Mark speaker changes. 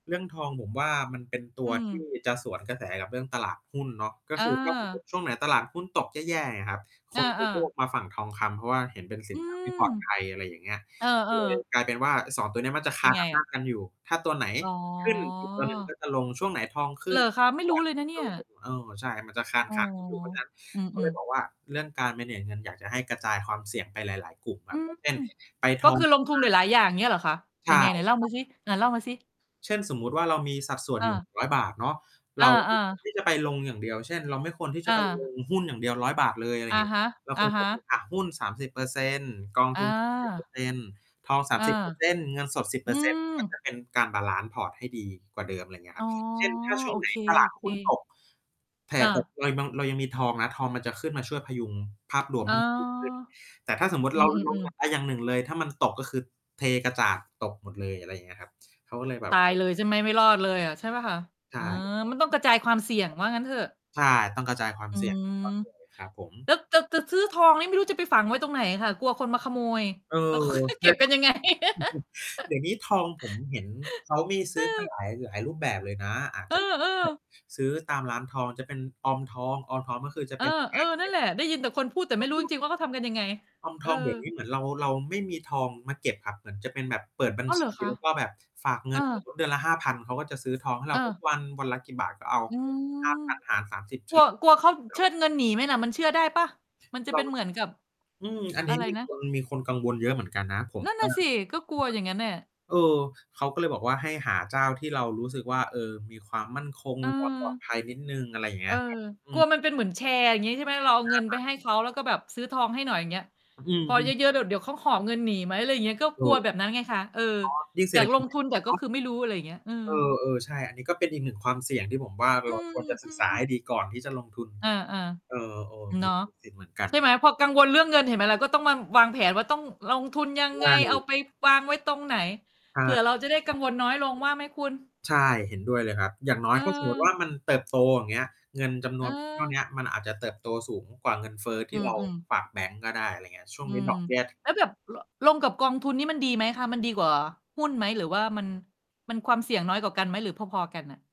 Speaker 1: เรื่องทองผมว่า มันเป็นตั
Speaker 2: อื
Speaker 1: ว ที่
Speaker 2: ม
Speaker 1: จะสวนกระแสกับเรื่องตลาดหุ้นเนาะ ก็คือ ถ้าสมม
Speaker 2: เออ
Speaker 1: ติ ช่วงไหนตลาดหุ้นตกแย่ ๆ อย่างเงี้ยครับ ค
Speaker 2: อ
Speaker 1: นจะ
Speaker 2: า
Speaker 1: โย
Speaker 2: ๆ
Speaker 1: ก มาฝั่งทองคำ เพราะว่าเห็นเป็น สิ
Speaker 2: อื
Speaker 1: น ทรัพย์ท
Speaker 2: ม
Speaker 1: ี่ปลอดภัย อะไรอย่างเงี้ย
Speaker 2: เออ
Speaker 1: ก็เลย
Speaker 2: ๆ
Speaker 1: กลายเป็นว่า ไอ้ 2 ตัวเนี้ย มันจะค
Speaker 2: เป็
Speaker 1: า
Speaker 2: น
Speaker 1: น
Speaker 2: ไง
Speaker 1: อำ
Speaker 2: อ
Speaker 1: น
Speaker 2: ะ?
Speaker 1: าจ กันอยู่ ถ้าตัวไหน
Speaker 2: อ๋
Speaker 1: ขึ้น อีกตัวหนึ่ง ก
Speaker 2: อ
Speaker 1: ็จะลง ช่วงไหนทองข
Speaker 2: เ
Speaker 1: ึ
Speaker 2: ห
Speaker 1: ้
Speaker 2: ร
Speaker 1: น
Speaker 2: อคะ? ไม่รู้เลย
Speaker 1: ห
Speaker 2: น
Speaker 1: ุ้
Speaker 2: ะ
Speaker 1: น
Speaker 2: เน
Speaker 1: ก็จ
Speaker 2: ี่
Speaker 1: ะ
Speaker 2: ย
Speaker 1: ลง เออ ใช่ มันจะคาน
Speaker 2: อ๋อ
Speaker 1: ๆ กันอยู่ เพราะฉะนั้น
Speaker 2: อื
Speaker 1: ก็เล
Speaker 2: ม
Speaker 1: ย
Speaker 2: ๆ
Speaker 1: บอกว่า เรื่องการ manage เงิน อยากจะให้กระจายความเสี่ยงไปหลาย ๆ กลุ่ม แบ
Speaker 2: อื
Speaker 1: บ
Speaker 2: ม
Speaker 1: เช่น ไป
Speaker 2: ก
Speaker 1: ท
Speaker 2: ็
Speaker 1: อ
Speaker 2: ค
Speaker 1: ง
Speaker 2: ือลงทุนหลาย ๆ อย่าง เงี้ยเหรอคะ
Speaker 1: ใช
Speaker 2: ยั
Speaker 1: ่
Speaker 2: งไง? ไหนเล่า
Speaker 1: คร
Speaker 2: ม
Speaker 1: ั
Speaker 2: า
Speaker 1: บ
Speaker 2: ซิ ไหนเล่ามาซิ
Speaker 1: เช่น สมมุติว่า เรามีสัดส่วน
Speaker 2: อ
Speaker 1: อยู่
Speaker 2: า
Speaker 1: 100 บาทเนาะ
Speaker 2: อ
Speaker 1: เรา ไม
Speaker 2: า
Speaker 1: ่ควร
Speaker 2: ๆ
Speaker 1: ที่จะไปลงอย่างเดียว เช่น เราไม่ควรที่จ
Speaker 2: อ
Speaker 1: ะไป
Speaker 2: า
Speaker 1: ลง หุ้นอย่างเดียว 100 บาทเลยอะไร
Speaker 2: อะ
Speaker 1: งี้
Speaker 2: ฮะ
Speaker 1: เรา
Speaker 2: อ
Speaker 1: ค
Speaker 2: ะ
Speaker 1: วร
Speaker 2: ฮ
Speaker 1: จะแบ่
Speaker 2: ะ
Speaker 1: ง อะหุ้น 30% กองท
Speaker 2: อ
Speaker 1: ุน เจ็ดสิบเป
Speaker 2: า
Speaker 1: อร์เซ็นต์ ทอง สา
Speaker 2: อ
Speaker 1: ม
Speaker 2: า
Speaker 1: สิบ เปอร์ เซ็นต์ เงินสด 10 เ
Speaker 2: อ
Speaker 1: ป
Speaker 2: ื
Speaker 1: อร์ เซ็นต์ ก
Speaker 2: ม
Speaker 1: ็จะเป็น การบาลันซ์พอร์ตให้ดีกว่าเดิม ไรเงี้ย
Speaker 2: อ
Speaker 1: ค
Speaker 2: ๋
Speaker 1: รั
Speaker 2: อ
Speaker 1: บ เช่น ถ้าช่
Speaker 2: โ
Speaker 1: ว
Speaker 2: อ
Speaker 1: งไหน
Speaker 2: เค
Speaker 1: ตลาดหุ้นต
Speaker 2: ๆ
Speaker 1: ก แห่
Speaker 2: อ
Speaker 1: ตก
Speaker 2: า
Speaker 1: เรายังบัง เรายังมีทองนะ ทองมันจะขึ้นมาช่วยพยุงภาพรวม
Speaker 2: อ๋
Speaker 1: ใ
Speaker 2: อ
Speaker 1: ห้ มันดีขึ้น แต่ถ้าสมมุต
Speaker 2: อ
Speaker 1: ิ
Speaker 2: ื
Speaker 1: เรา ลง
Speaker 2: อ
Speaker 1: อ
Speaker 2: ๆ ๆ
Speaker 1: ะ ไปอย่างหนึ่งเลย ถ้ามันตกก็คือเทกระจาดตกหมดเลย อะไรอย่างเงี้ยครับ เขาก็เลยแบ
Speaker 2: ต
Speaker 1: บ
Speaker 2: ายเลย ใช่ไหม ไม่รอดเลยอะ ใช่เปล่าคะ?
Speaker 1: ใ
Speaker 2: เ
Speaker 1: ช
Speaker 2: ออ
Speaker 1: ่
Speaker 2: มันต้องกระจายความเสี่ยง ว่างั้นเถอะ
Speaker 1: ใช่ ต้องกระจายความ
Speaker 2: อื
Speaker 1: เสี่ยง ควา
Speaker 2: ม
Speaker 1: มเสี่ยง เลยครับผม
Speaker 2: แล้วจะ จะซื้อทองนี่ ไม่รู้จะไปฝังไว้ตรงไหนอะค่ะ? กลัวคนมาขโมย
Speaker 1: เออ
Speaker 2: แล้วเขาจะ
Speaker 1: ใช
Speaker 2: เก็
Speaker 1: ่
Speaker 2: บ
Speaker 1: เ
Speaker 2: ก
Speaker 1: ปล
Speaker 2: ั
Speaker 1: ่
Speaker 2: น
Speaker 1: า?
Speaker 2: ยังไง? เ
Speaker 1: เดี๋ยวนี้ทองผมเห็นเขามีซื้อ
Speaker 2: อ
Speaker 1: กัน
Speaker 2: อ
Speaker 1: หลาย หลายรูปแบบเลยนะ อาจ
Speaker 2: เอ
Speaker 1: จะ
Speaker 2: อ
Speaker 1: แบบ
Speaker 2: ๆ
Speaker 1: ซื้อตามร้านทอง จะเป็นออมทอง ออมทองก็คือจะ
Speaker 2: เอ
Speaker 1: เป็
Speaker 2: อ
Speaker 1: น การ
Speaker 2: ๆ น
Speaker 1: เ
Speaker 2: ั
Speaker 1: ก
Speaker 2: ่น
Speaker 1: ็บ
Speaker 2: แหละ ได้ยินแต่คนพูด แต่ไม่รู้จริง ๆ ว่าเขาทำกันยังไง
Speaker 1: ออม
Speaker 2: เอ
Speaker 1: ท
Speaker 2: อ
Speaker 1: องเดี๋ยวนี้เหมือนเรา เราไม่มีทองมาเก็บครับ เหมือนจะเป็นแบบเปิดบัญ
Speaker 2: อ้าว
Speaker 1: ช
Speaker 2: เหรอ
Speaker 1: ี
Speaker 2: คะ?
Speaker 1: แล้ว ก็แบบฝากเง
Speaker 2: เอ
Speaker 1: ิ
Speaker 2: อ
Speaker 1: น สมมติ เดือนละ 5,000 เขาก็จะซื้อทองให้เรา ทุก
Speaker 2: เออ
Speaker 1: วัน วันละกี่บาทก็เอา
Speaker 2: อื
Speaker 1: ห้า
Speaker 2: ม
Speaker 1: พันหารสามสิบ เ
Speaker 2: ก
Speaker 1: ฉ
Speaker 2: ลั
Speaker 1: ล
Speaker 2: ว
Speaker 1: ี่ย
Speaker 2: กลัวเขาเชิดเงินหนีไหมน่ะ มันเชื่อ
Speaker 1: ช
Speaker 2: ได้เปล่า? มันจะ
Speaker 1: เร
Speaker 2: เป
Speaker 1: า
Speaker 2: ็นเหมือนกับ
Speaker 1: อืม อัน
Speaker 2: อ
Speaker 1: นี
Speaker 2: ะ
Speaker 1: ้
Speaker 2: ไร
Speaker 1: มี
Speaker 2: นะ
Speaker 1: คน มีคนกังวลเยอะเหมือนกันนะ ผม
Speaker 2: นั่น
Speaker 1: เ
Speaker 2: น
Speaker 1: อ
Speaker 2: ่ะ
Speaker 1: อ
Speaker 2: สิ ก็กลัวอย่างงั้นน่ะ
Speaker 1: เออ เขาก็เลยบอกว่า ให้หาเจ้าที่เรารู้สึกว่า เออ มีความมั่นคง มี ความ ปลอด
Speaker 2: เออ
Speaker 1: ภัยนิดหนึ่ง อะไรอย่างเ
Speaker 2: เ
Speaker 1: ง
Speaker 2: อ
Speaker 1: ี้
Speaker 2: อ
Speaker 1: ย ครับ อื
Speaker 2: กลัว
Speaker 1: ม
Speaker 2: มันเป็นเหมือนแชร์ อย่างงี้ใช่ไหม? เราเอา
Speaker 1: ห
Speaker 2: เ
Speaker 1: ้
Speaker 2: ง
Speaker 1: า
Speaker 2: ิน
Speaker 1: พ
Speaker 2: ไป
Speaker 1: ัน
Speaker 2: ให้เขา แล้วก็แบบซื้อทองให้หน่อย อย่างเงี้ย
Speaker 1: อื
Speaker 2: พ
Speaker 1: ม
Speaker 2: อเย
Speaker 1: ๆ
Speaker 2: อะ ๆ เดี๋ยว เดี๋ยวเขาหอบเงินหนีไหม อะไรอย่างเงี้ย ก็
Speaker 1: เอ
Speaker 2: กลั
Speaker 1: อ
Speaker 2: วแบบ
Speaker 1: อ
Speaker 2: นั้นไงคะ เออ
Speaker 1: ๋อ ยิ่ง เศ
Speaker 2: อย
Speaker 1: รษ
Speaker 2: า
Speaker 1: ฐ
Speaker 2: ก
Speaker 1: ก
Speaker 2: ล
Speaker 1: ิจ
Speaker 2: ง
Speaker 1: อย
Speaker 2: ท
Speaker 1: ่า
Speaker 2: ุ
Speaker 1: งง
Speaker 2: น แต
Speaker 1: ี
Speaker 2: ่
Speaker 1: ้
Speaker 2: ก
Speaker 1: เน
Speaker 2: ็
Speaker 1: า
Speaker 2: ค
Speaker 1: ะ
Speaker 2: ือไม่รู้ อะไรอย่างเงี้ย อืม
Speaker 1: เออ ๆ ใช่ อันนี้ก็เป็นอีก 1 ความเสี่ยงที่ผมว่า
Speaker 2: อ
Speaker 1: เ
Speaker 2: ื
Speaker 1: ราควรจะศึกษา
Speaker 2: ม
Speaker 1: ใ
Speaker 2: ๆ
Speaker 1: ห้ดีก่อนที่จะลงทุน
Speaker 2: อา
Speaker 1: เออ
Speaker 2: ๆ
Speaker 1: ๆ
Speaker 2: เ
Speaker 1: ม
Speaker 2: น
Speaker 1: ี
Speaker 2: าะ
Speaker 1: มี สิทธิเหมือนกั
Speaker 2: ใ
Speaker 1: น
Speaker 2: ช่ไหม? พอกังวลเรื่องเงิน เห็นไหมล่ะ ก็ต้องมาวางแผนว่า ต้องลงทุนยัง
Speaker 1: ใช
Speaker 2: ไง? เอา
Speaker 1: ่
Speaker 2: ไปวางไว้ตรงไหน?
Speaker 1: ใช่
Speaker 2: เผื่อเราจะได้กังวลน้อยลง ว่าไหมคุณ?
Speaker 1: ใช่ เห็นด้วยเลยครับ อย่างน้
Speaker 2: เ
Speaker 1: อยถ้าสมมติว่
Speaker 2: ออ
Speaker 1: ามันเติบโต อย่างเงี้ย เงินจำน
Speaker 2: เ
Speaker 1: วนเท่าเนี้
Speaker 2: ออ
Speaker 1: ย มันอาจจะเติบโตสูงกว่าเงินเฟ้อท
Speaker 2: อ
Speaker 1: ี
Speaker 2: ื
Speaker 1: ่เรา
Speaker 2: อ ๆ
Speaker 1: ฝากแบงก์ก็ได้ อะไรเงี้ย ช่ว
Speaker 2: อ
Speaker 1: ง
Speaker 2: ื
Speaker 1: นี้
Speaker 2: ม
Speaker 1: ดอกเบี้ย
Speaker 2: แล้วแบบ ล ลงกับกองทุนนี่มันดีไหมคะ? มันดีกว่าหุ้นไหม หรือว่ามัน มันความเสี่ยงน้อยกว่ากันไหม หรือพอ ๆ กันน่ะ?